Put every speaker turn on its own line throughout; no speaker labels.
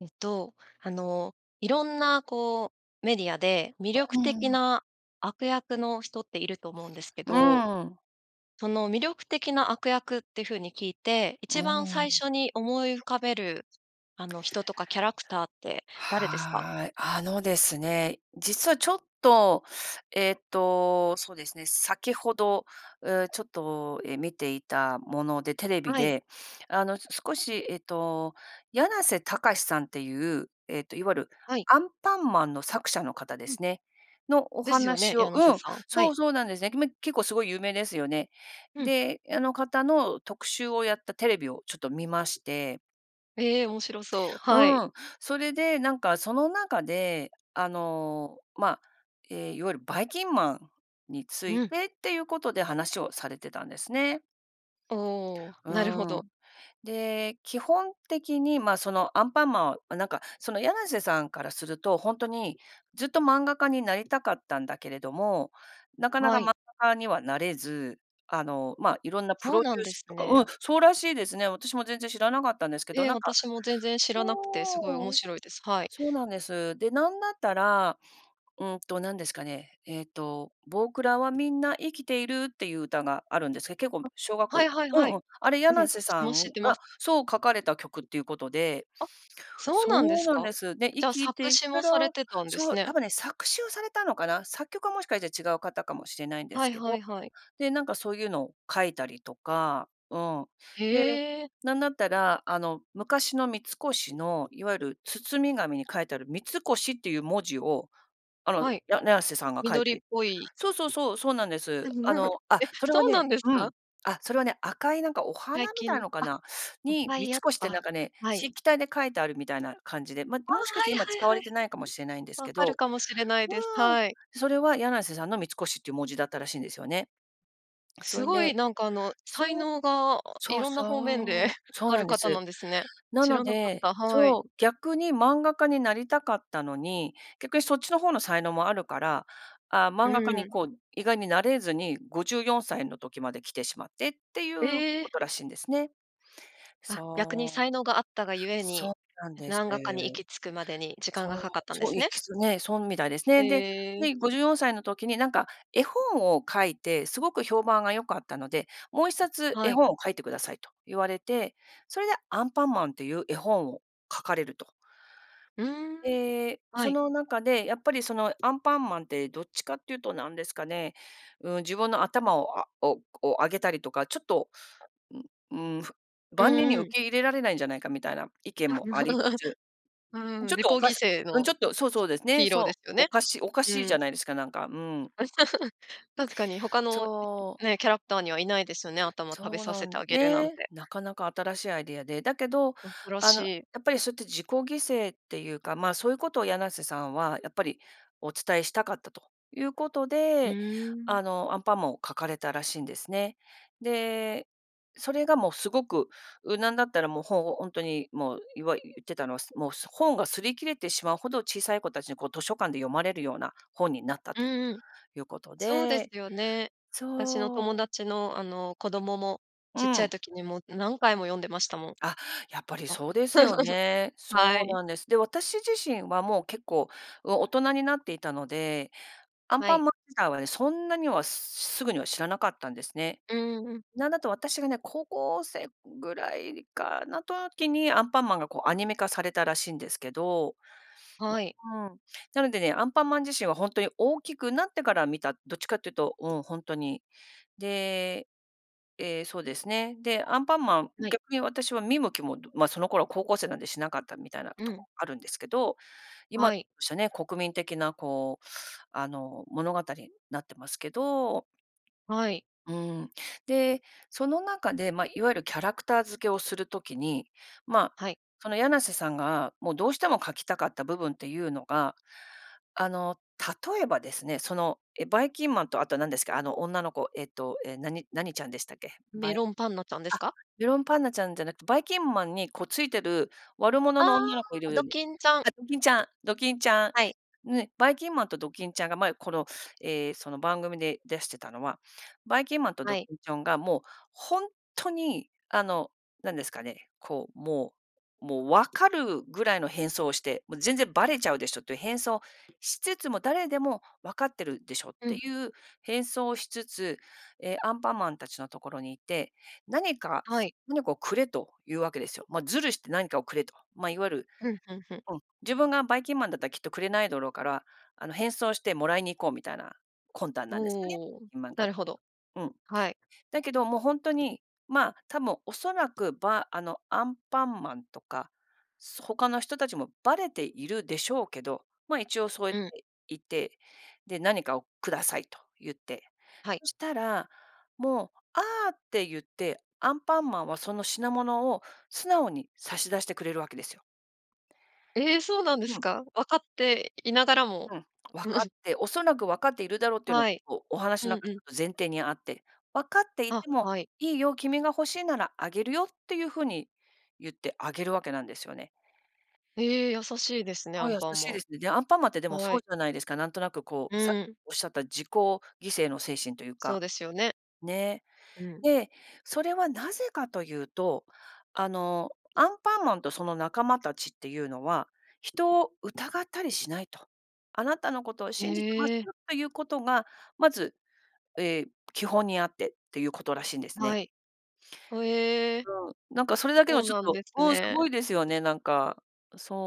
えっと、あのいろんなこうメディアで、魅力
う
的
ーん。
な悪役の人っていると思うんですけ
う
ど、
ーん。
その魅力的な悪役って風に聞いて、
う
一番
ー
最
ん。
初に思い浮かべる、あの、人とかキャラクターって誰ですか？
はい、あのですね、実はちょっと、えっと、そうですね、先ほど、うちょっと、え、見ていたもので、テレビ
はい。
であの、少しえっと、やなせたかしさんっていう、えっと、いわゆる
はい。
アンパンマンの作者の方で
うん。
すね、のお
ですよね、
話を
やなせ
うん、
さん、は
そ
い。
う、そうなんですね。めきめ結構すごい有名ですよね。
うん。
で、あの方の特集をやったテレビをちょっと見まして。
ええ、面白そう、はい。
うん、それで、なんかその中で、あの、まあ、ええ、いわゆる、ばいきんまんについ
うん。
てっていうことで話をされてたんですね。
おお、
う
なるほ
ー
ど。
ん。で、基本的に、まあその、アンパンマンは、なんかその、やなせさんからすると、ほんとに、ずっと漫画家になりたかったんだけれども、なかな
は
か漫
い。
画家にはなれず、あの、ま、色んなプ
そう
ロデ
なん
ュー
で
ス
す
とか
ね。
うん、そうらしいですね。私も全然知らなかったんですけど、
ええ、
なんか
私も全然知らなくて、すごい面
そう、
白いです。はい。
そうなんです。で、なんだったら、うんと、何ですかね、えっと、ぼくらはみんな生きているっていう歌があるんですけど、結構
あ、
小学
は
校、
いはい
う
は
んう
い。
ん、あれや
うん、
なせさ
もう知っ
ん
てます。
がそう書かれた曲っていうことで、
あ、そうなんで
そう
す
なん
か？
です。で、生
じゃあ、
きて
作
い
詞
くか
もさ
ら、
れてたんで
そ
す
う、
ね。
多分ね、作詞をされたのかな、作曲はもしかしたら違う方かもしれないんで
は
す
い
け
は
ど、
いはい。
で、なんかそういうのを書いたりとか、うん。で、
へえ。
なんだったら、あの、昔の三越のいわゆる包み紙に書いてある、三越っていう文字を、あの、
はい。
ややなせさんが書い
緑っ
て
ぽい。
そう、そう、そう、そうなんです。あ の、あ、
え、
それは
そうな
ね、
んです
うん。
か？
あ、それはね、赤いなんかお花
最
み
近
たい
の、
のか
あ、
な、
おっ
に、
ぱ
三
いあっ
越って
た、
なんかね、
はい。
筆記体で書いてあるみたいな感じで、まあ、
ああ、
もしかし
は
て
い
今
はい
使
は
わ
いは
れ
い。
てないかもしれないんですけ
分かる
ど、
かもしれないです。
うーん、
はい。
それはやなせさんの三越っていう文字だったらしいんですよね。そ
す
い
ごい
で
なんかあの、才
そう、
能が
そう
色んな方面で
そ うそう
あ
な
る
んで
方な
す。
んですね。
な
知
の
らなかっ
で、
た、はい。
そう、逆に漫画家になりたかったのに、逆にそっちの方の才能もあるから、ああ、
う
漫画家に
ん。
こう、意外になれずに54歳の時まで来てしまってっていう
え
こ
え。
とらしいんですね。
あ、逆に
そ
才
う、
能があったがゆえ
そ
に、
うなんです。
漫画家に行き着くまでに時間
そ
が
う、
かかったんで
そう
す
い
ね。
くつつね、そうみたいですね。で、
へえ。
で54歳の時になんか、絵本を書いて、すごく評判が良かったので、もう1冊絵
はい。
本を描いてくださいと言われて、それでアンパンマンっていう絵本を描かれると。
うーん、
で、
は
そ
い。
の中で、やっぱりその、アンパンマンってどっちかって言うと、何ですかね、うん、自分の頭を、あおおうあげたりとか、ちょっと、ううーん、ふ
う
万人に
んう
受
ん。
け入れられないんじゃないかみたいな意見もありつ つ、
うーん、
ちょっ
自己
とおか
犠
し
牲
うん、
の
ちょっと、そうそうですね、
ヒーローで
そう、
すよ
お
ね。
かしおか
う
しいじゃ
ん。
ないですか、なんか、うん。
確かに他の
そう。
ね、キャラクターにはいないですよね。頭食べ
そう
さ
な
せて
ん、
あげるなん
ね、
て。
なかなか新しいアイデアで、だけど、
こんぷら
あの、や
しい。
っぱりそうやって自己犠牲っていうか、まあそういうことをやなせさんはやっぱり、お伝えしたかったということ
う
で、
ーん。
あのアンパンマンを描かれたらしいんですね。で、それがもうすごく、う、なんだったらもう本を、ほんとにもう言わ言ってたのは、そもう本が擦り切れてしまうほど小さい子たちにこう図書館で読まれるような本になった
う
と、
んうん。
いうこと
そうです
で、
よね。私の友
そう。
達の、あの、子供も、
う
ちっちゃい
ん。
時にもう何回も読んでましたもん。
あ、やっぱり
も。
そうですよ ね。
は
そう
い。
なんです。で、私自身はもう結構、うん、大人になっていたので、アン
は
パ
い。
ンマン自体はね、そんなにはすぐには知らなかったんですね。
うーん。
なんだったら私がね、高校生ぐらいかな、時に、アンパンマンがこうアニメ化されたらしいんですけど。
はい。
うーん。なのでね、アンパンマン自身は本当に大きくなってから見た、どっちかっていうと、うん、ほんとに。で、ええ、そうですね。で、アンパンマン、
はい。
逆に私は見向きも、ま、その頃は高校生なんでしなかったみたいな
う
とこ
ん。
があるんですけど、今、
はい。
しゃね、国民的なこう、あの、物語、なってますけど。
はい。
うーん。で、その中で、ま、いわゆるキャラクター付けをする時に、まあ、
はい。
そのやなせさんがもう、どうしても描きたかった部分っていうのが、あの、例えばですね、その、え、ばいきんまんとあとなんですか、あの、女の子。えっと、え、何何ちゃんでしたっけ、ば
メ
いあ、
ロンパンナちゃんですか？
メロンパンナちゃんじゃなくて、ばいきんまんにこうついてる悪
あ
者の女の子い
あ、ド
る
キンちゃん。
あ、ドキンちゃん、ドキンちゃん。
はい。
ね、ばいきんまんとドキンちゃんが前、この、ええ、その番組で出してたのは、ばいきんまんと
は
ドキ
い。
ンちゃんがもう本当に、あの、何ですかね、こう、もう、もう分かるぐらいの変装をして、もう全然ばれちゃうでしょっていう変装しつつも、誰でも分かってるでしょっ
う
て
ん。
いう変装をしつつ、ええ、アンパンマンたちのところにいて、何か、
はい。
何かをくれというわけですよ。ま、ずるして何かをくれと。ま、いわゆる、
うん、ふんふん。
うん、自分がばいきんまんだったらきっとくれないだろうから、あの、変装してもらいに行こうみたいな、魂胆なんですね、
おお、
うん、まんか。
なるほど、
うん。
はい。
だけどもうほんとに、まあ、多分おそらく、ばあの、アンパンマンとか、そ他の人たちもバレているでしょうけど、まあ一応そうやっ
うん。
ていて、で、何かをくださいと言って。
はい。
そしたら、もう、ああって言って、アンパンマンはその品物を素直に差し出してくれるわけですよ。
ええ、そうなんで
う
す
ん。
か。分かっていながらも。
うん、分かっ て、おそらく分かっているだろうっていうのは
はい。
こうお話
う
の
ん
中
う
で
ん。
前提にあって、分かってい
あ、
ても
はい。
「いいよ、君が欲しいならあげるよ」っていう風に言ってあげるわけなんですよね。
ええ、優しいですね、ア
あ、
ン
優
パン
しい
マ
で
ン。
すね。で、アンパンマンって、でも
は
そう
い。
じゃないですか。なんとなくこ
う
う、さっき
ーん。
おっしゃった自己犠牲の精神という
そう
か。
ですよね。
ね、
うん。
で、それはなぜかというと、あの、アンパンマンとその仲間たちっていうのは、人を疑ったりしないと。あなたのことを信じてます
へえ。
よということが、まず、ええ、基本にあってっていうことらしいんです
は
ね。
い、ほえ。
うん、なんかそれだけ
そ
の
う
ちょっ
なん
と、
です
おお、すご
ね。
いですよね、なんか。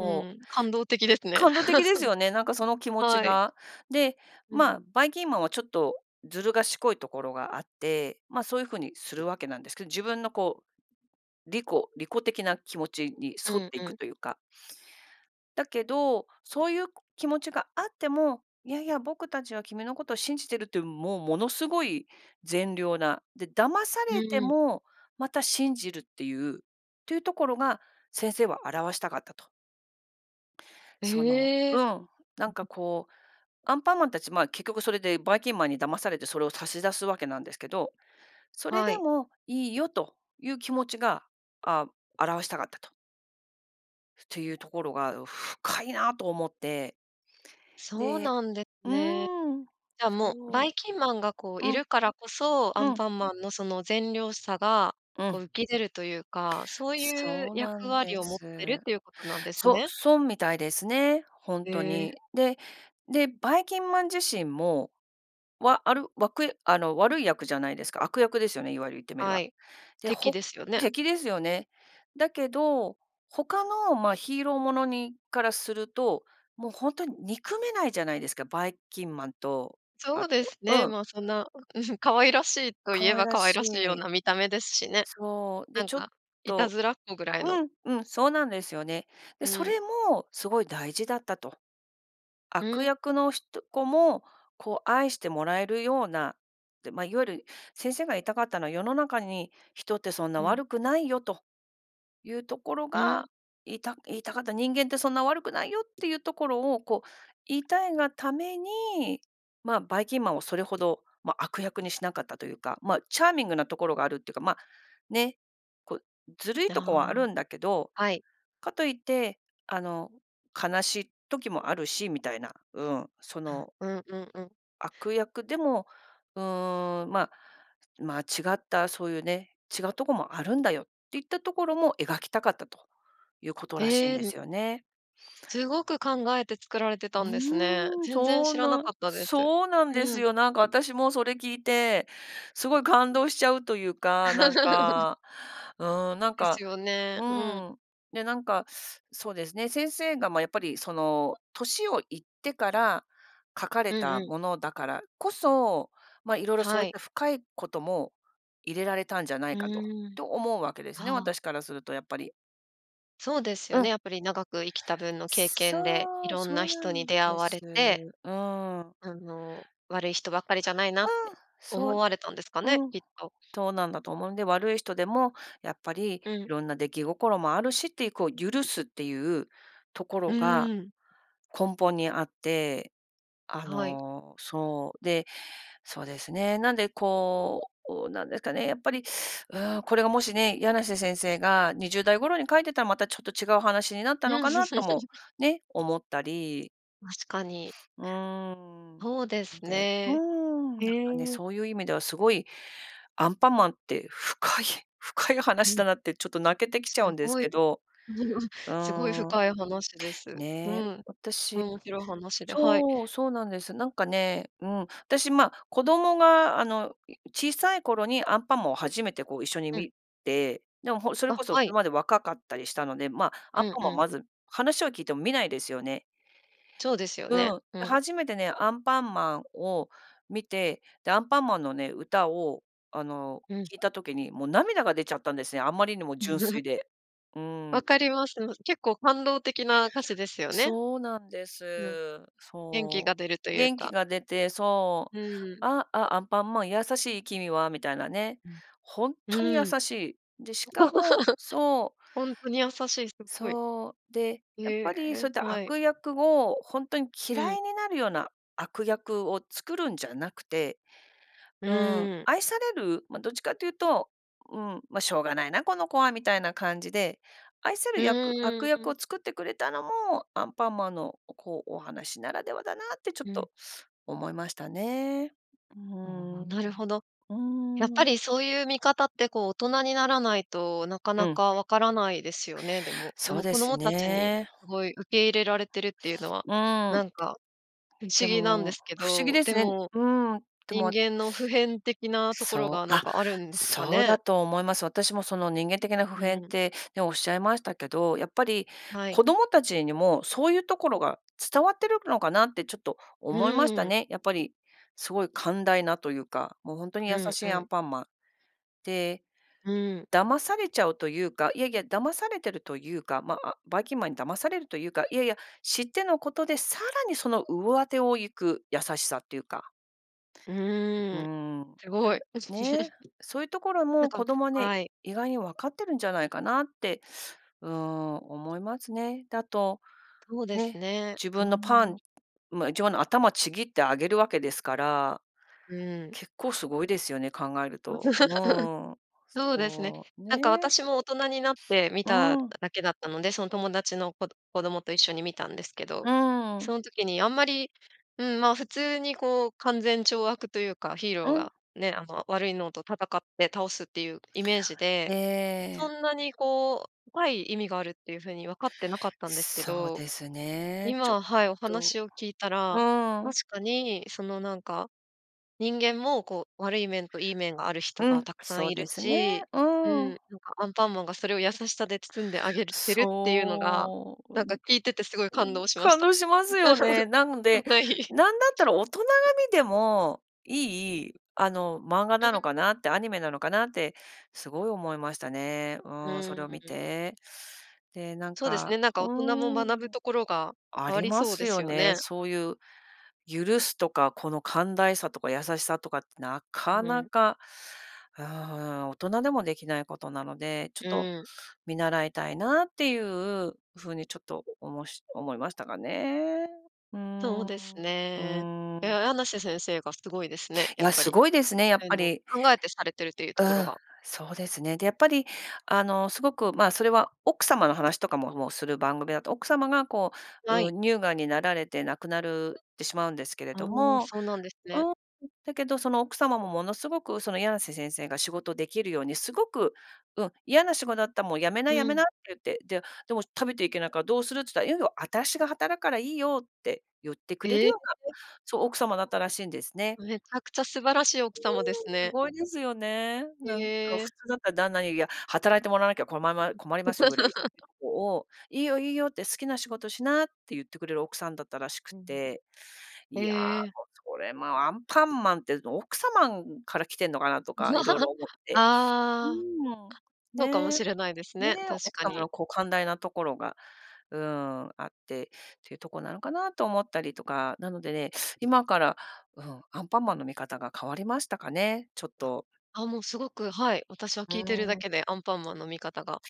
う
う。
ん、感動的ですね。
感動的ですよね、なんかその 気持ち
はい。
が。で、
う
ま
ん。
あ、ばいきんまんはちょっとずる賢いところがあって、ま、そういう風にするわけなんですけど、自分のこう、利己、利己的な気持ちに
う
沿っ
ん
てい
う
く
ん。
というか。だけど、そういうく気持ちがあっても、いやいや僕たちは君のことを信じてるっていう、もうものすごい善良な、で、騙さ
う
れて
ーん。
も、また信じるっていう、っていうところが、先生は表したかったと。その
え
う
え。
ん、なんか、こう、アンパンマンたち、まあ、結局それでバイキンマンに騙されてそれを差し出すわけなんですけど、それ
は
で
い。
もいいよという気持ちが、ああ表したかったとていうところが、お深いなあと思って。
そう
で
なんです
う
ね。
ーん。
じゃあ、もう、
そ
バ
う、
イキンマンが、こう、
う
い
ん。
るからこそ、ア
う
ン
ん。
パンマンの、その善良さが、
う
こう、
ん。
浮き出るというか、そういう
そうな
役
んで
割を持ってるっ
す。
ていうことなんです
そ
ね。
そんみたいですね、本
へ
当
え。
に。で、で、バイキンマン自身も、わあるわくあの、悪い役じゃないですか、悪役ですよね、いわゆる言ってみれ
は
ば。
い、
で、
敵
ほ
ですよね。
敵ですよね。だけど、他の、まあ、ヒーローものにからすると、もう本当に憎めないじゃないですか、バイキンマンと、
そ
あ
うで
と
す
う
ね、
ん。
ま、そんな、うん。可愛らしいと
可
言え
愛
ば、
ら
可愛
し
らしいよう
い。
な見た目ですしね。
そう、
な
で、
ん
ちょっ
か、いた
と
ずらっ子ぐらいの。
うんうん、そうなんですよね。で、
う
それ
ん。
もすごい大事だったと。
う
悪
ん。
役の人子も、こう、愛してもらえるような。てま、いわゆる先生が言いたかったのは「世の中に人ってそんな
ふん。
悪くないよ」と。いうところ
ふん。
が、いた言いたかった。「人間ってそんな悪くないよ」っていうところを、こう、言いたいがために、まあ、バイキンマンをそれほど、ま、悪役にしなかったというか、ま、チャーミングなところがあるっていうか、まあ、ね、こう、ずるいとこ
あ
はある
あ、
んだけど、
はい。
かといって、あの、悲しい時もあるしみたいな、うん、そ
あ、
の
うんうんうん。
悪役でも、うーん、ま、まあ、違った、そういうね、違うとこもあるんだよっていったところも描きたかったということらしいん
へえ、
で
うん。
すよね。
すごく考えて作られてたんですね。
うーん、
全然
そう
知らな
な
かったです。
そうなんです
うん。
よ。なんか私もそれ聞いて、すごい感動しちゃうというか、なん かうん、なん
で
か
すよね。
う
うん。
ん。で、なんか、そうですね、先生が、まあ、やっぱり、その、年をいってから、描かれ
うんう
た
ん。
ものだからこそ、ま、色々そ
は
ういっ
い。
た深いことも、入れられたんじゃない
う
かと
ーん。
と思うわけですね、
ああ。
私からするとやっぱり。
そうですよ
う
ね、
ん。
やっぱり長く生きた分の経験で、
そう、
色んな
そうな
人に
ん
出会
で
わ
す、
れて
うん。
あの、悪い人ばっかりじゃないな
う
っ
ん、
て
そ
思
う
われたんですか
う
ね、
ん、
きっと。
そうなんだと思うんで、悪い人でも、やっぱり
う
い
ん。
ろんな出来心もあるしっていう、こう、許すっていうとこ
う
ろが
ん。
根本にあって、あ
はい。
のそう、で、そうですね、なんで、こう、なんですかね、やっぱり、う、これがもしね、やなせ先生が20代頃に描いてたらまたちょっと違う話になったの
うん。
かなとも、ね、思ったり。
確かに。
うーん、
そうです
でうー
ね、
ん、
へ
なんかね
え。
そういう意味ではすごいアンパンマンって深い、深い
う
話だ
ん。
なってちょっと泣けてき
す
ちゃうんです
ごい
けど、う
すごい
ん。
深い話です、う
ね、
ん、おもしろ話
私
で、はい。
そう、そうなんです。なんかね、うん、私、ま、子供が、あの、い小さい頃にアンパマンを初めて、こう、一緒に
うん。
見てでもほそれ
あ、
こそ
は
そ
い。
れまで若かったりしたので、ま、アン
うん、
パ
う
マン
ん。
まず話を聞いても見ないですよね。
そうですよね、
うん、
う
で、
ん。
初めてねアンパンマンを見て、で、アンパンマンのね歌を、あの、
うん。
聞いた時にもう涙が出ちゃったんですね。あまりにも
ん。
純 粋で。う
分
ん。
かります、結構感動的な歌詞ですよね。
そうなんで
うん、
す。
元気
そ
が出ると
う
いう
元気
か。
が出てそ
う
う
ーん。
あ、あ、アンパンマン優しい君はみたいなね、
うん、
ほん
う
とに優
ーん
しい、でしかもそう
ほんとに優しいすごい。
そう、で、やっ
え
ぱりそ
え、
ういった
はい。
悪役をほんとに
う
嫌
ん。
いになるような悪役を作るんじゃなくて。
う
うん、
ーん。
愛される、ま、どっちかっていうと、うーん、ま、しょうがないな、この子はみたいな感じで愛せる
う
役悪
ーん、
役
う
を
ん。
作ってくれたのもアンパンマンの、おこう、お話ならではだなってちょっ
うん。
と思いましたね。う
お、
ん、
ななるほど。やっ
う
ぱ
ん。
りそういう見方って、こう、大
[unintelligible]
人にならないとなか
う
な
ん。
か分からないですよね、でもで
そう
も
で
子
す
供たちに
ね。
すごい受け入れられてるっていうのは、
うん。
なんか不
で
思議なんで
も
すけ
不思議
ど、
です
で
ね
も
うん、で
人
も、あ
間の普遍的なところ
そ
が
う、
な
あ、
んかあるんか
そう
ね？
だと思います。私もその人間的な普
う
遍っ
ん。
てね、おっしゃいましたけど、やっぱり
はい。
子供たちにもそういうところが伝わってるのかなってちょっと思いまし
う
た
ん。
ね。やっぱりすごい寛大なというか、も、ほんとに
う
優
ん、
し
う
いアン
ん。
パンマン、で、
うん。
騙されちゃうというか、いやいや、騙されてるというか、まあ、バイキンマンに騙されるというか、いやいや、知ってのことでさらにその上手を行く優しさっていうか
う
う
ーん、
ん、なん
すごい。
ね、そういうところ
なん
も
か
子供はね、
はい。
意外に分かってるんじゃないかなって、うん、思いますね。で、あと、
そうです
ね、
ね、
自分の
う
パ
ん。
ンま、自分の頭ちぎってあげるわけですから、
うん。
結構すごいですよね考えると。うん、
そうですね。
そう
なんか
ね。
私も大人になって見
う
た
ん。
だけだったので、その友達のこど子供と一緒に見たんですけど、
うん。
そん時にあんまり、うーん、ま、普通に、こう、勧善懲悪というか、ヒーロー
うん。
がね、あの、悪いのと戦って倒すっていうイメージで、そ
ええ。
んなに、こう、深い意味があるっていう風に分かってなかったんですけ
そう
ど、
ですね、ちょっ
今、はい、お
と
話を聞いたら
うん。
確かにそのなんか人間も、こう、悪い面といい面がある人
う
が
ん、
たくさん
そう
いる
ですね、
し、
う
うん、
ん。
なんかアンパンマンがそれを優しさで包んであげるてるっていうのが
そう、
な
う
ん
ん、
か
う
聞いててすごい感
ん、
動しまし
感
た
動しますよね。なの で、
はい。
なんだったら大人が見てもいい、あの、漫画
う
なの
ん。
かなって、アニメなのかなってすごい思いましたね。う
う
ん、それ
ー
を
ん、ん
見
ん。
て。で、なん
そうですね、
か
なんか大
う
人も
ーん、
学ぶところが
あ
あ
り
り
ま
そう
す
です
よ
よ
ね、
ね。
そういう許すとか、この寛大さとか優しさとかってな
う
かな
ん。
か、うん、大人でもできないことなのでちょっ
う
と、
ん。
見習いたいなっていう風にちょっとおもし思いましたかね。う
そうです
ん、う
ね。い
ん。
や、やなせ先生がすごいですね、
い
やっ
や、
ぱ
す
り。
ごいですね、やっ
そういう
ぱ
の
り。
考えてされてるっていうと
う
ころ
ん、
が。
そうですね。で、やっぱり、あの、すごく、ま、それは奥様の話とかも、もうする番組だと奥様が、こう、
は
うー
い。
ん、乳がんになられて亡くなるってしまうんですけれ
あ、
ども、
そうなんです
う
ね。
ん、んだけどその奥様もものすごくそのやなせ先生が仕事できるようにすごく、うん「嫌な仕事だったらもう辞めな
う
辞め
ん。
な」って言って、で「でも食べていけないからどうする？」っつったら「いいよ、私が働くからいいよ」って言ってくれ
え
る
え、え
ような、
え。
そう、奥様だったらしいんですね。
めちゃくちゃ素晴らしい奥
うん、
様です
す
ね。
ごいですよね。な
へ
んか
え。
普通だったら旦那に、いや、働いてもらわなきゃこまま困
う
りますよぐらい
[unintelligible]
[unintelligible] を「いいよ、いいよ」って「好きな仕事しな」って言ってくれる奥さんだったらしく
うん、
て、いや、
へえ。
も、それもアンパンマンってオクサマンから来てんのかなとか色 々思って。う
ああ、
ん。
そうかも
ね。
しれないですね、
ね、
確
奥
か
様
に。
の、こう、寛大なところが、うん、あってってとこなのかなと思ったりとか、なのでね今から、うん、アンパンマンの見方が変わりましたかね、ちょっ
あ、
と。
あ、もうすごく、はい、私は聞いてる
う
だ
ん。
けで、アンパンマンの見方が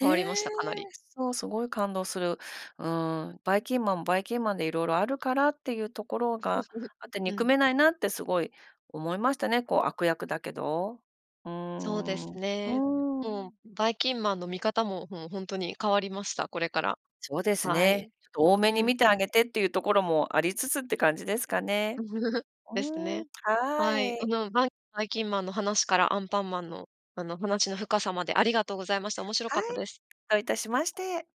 変わりましたかなり。
そう、すごい感動する。うん、バイキンマンバイキンマンで色々あるからっていうところが あって、
う
憎
ん。
めないなってすごい思いましたね、こう、悪役だけど。う
そうです
ん、う
ね。もう
ん。
バイキンマンの見方も、もうほんとに変わりました、これから、
そうです
はい、
ね。ちょっと多め
う
に
ん。
見てあげてっていうところもありつつって感じですかね。
です
うー
ね。
ん、
はい、
は
あ
い。
の、バンバイキンマンの話からアンパンマンの、あの、話の深さまでありがとうございました面白
は
かった
い、
です。
どういたしまして。